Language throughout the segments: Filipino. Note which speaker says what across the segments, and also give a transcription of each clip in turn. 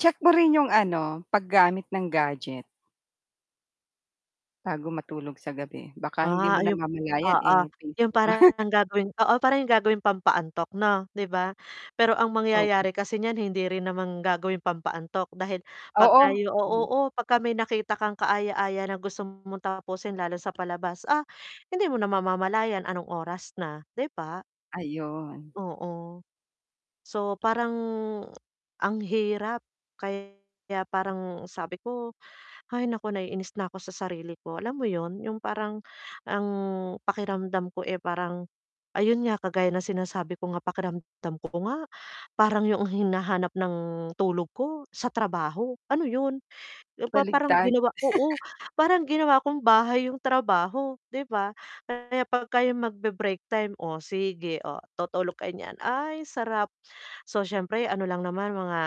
Speaker 1: Check mo rin yung ano, paggamit ng gadget bago matulog sa gabi, baka hindi
Speaker 2: Ah, o yung
Speaker 1: namamalayan
Speaker 2: oo,
Speaker 1: eh,
Speaker 2: yung
Speaker 1: Facebook.
Speaker 2: parang gagawing oo, parang yung gagawing pampaantok 'no, 'di ba? Pero ang
Speaker 1: Oo.
Speaker 2: mangyayari kasi niyan hindi rin naman gagawing pampaantok dahil 'pag
Speaker 1: Oo,
Speaker 2: kayo o
Speaker 1: mm.
Speaker 2: oo, pagka may nakita kang kaaya-aya na gusto mong tapusin lalo sa palabas, ah, hindi mo na mamamalayan anong oras na, 'di ba?
Speaker 1: Ayun.
Speaker 2: Oo. So parang ang hirap kaya parang sabi ko, "Hay naku naiinis na ako sa sarili ko." Alam mo 'yun, yung parang ang pakiramdam ko, eh, parang ayun nga kagaya ng sinasabi ko nga pakiramdam ko nga, parang yuong hinahanap ng tulog ko sa trabaho, ano 'yun? Yung pa parang
Speaker 1: Baligtad.
Speaker 2: ginawa ko oh, parang ginawa kong bahay yung trabaho 'di ba? Kaya pagka yung magbe-break time, Oh, sige, oh, tutulog kayo niyan. "Ay, sarap!" So siyempre ano lang naman mga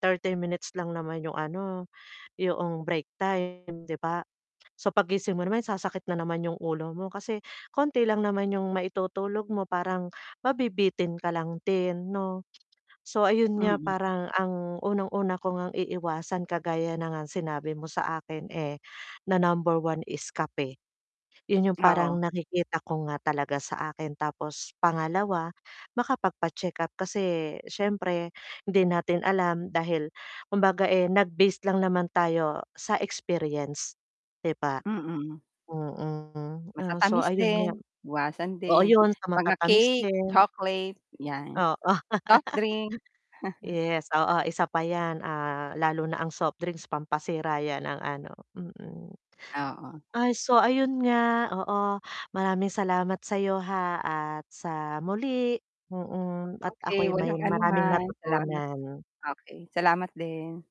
Speaker 2: 30 minutes lang naman 'yong ano, 'yoong break time 'di ba. So paggising mo naman sasakit na naman 'yong ulo mo kasi konti lang naman 'yong maitutulog mo parang, mabibitin ka lang din, 'no? So, ayun nga
Speaker 1: Mm.
Speaker 2: parang ang unang-una ko ngang iiwasan kagaya na ngang sinabi mo sa akin, eh, na number 1 is kape. 'Yun yung
Speaker 1: Oo.
Speaker 2: parang nakikita ko nga talaga sa akin tapos pangalawa makapagpa-check-up kasi, siyempre hindi natin alam dahil kumbaga, eh, nag-based lang naman tayo sa experience, 'di ba?
Speaker 1: Mm.
Speaker 2: Mm. oh, so
Speaker 1: Matatamis
Speaker 2: ayun nga.
Speaker 1: din, iwasan
Speaker 2: Oh,
Speaker 1: din.
Speaker 2: ayun sa
Speaker 1: Mga
Speaker 2: matatamis
Speaker 1: cake,
Speaker 2: din.
Speaker 1: chocolate, 'yan.
Speaker 2: Oo.
Speaker 1: Soft drink.
Speaker 2: Yes, oo isa pa yan, ah, lalo na ang soft drinks pampasira 'yan ng ano mm.
Speaker 1: Oo.
Speaker 2: Ay, so ayun nga oo, maraming salamat sa'yo, ha, at sa muli, mm, at
Speaker 1: Okay,
Speaker 2: ako'y may
Speaker 1: walang ano
Speaker 2: maraming
Speaker 1: man, salamat
Speaker 2: natutunan.
Speaker 1: Okay, salamat din.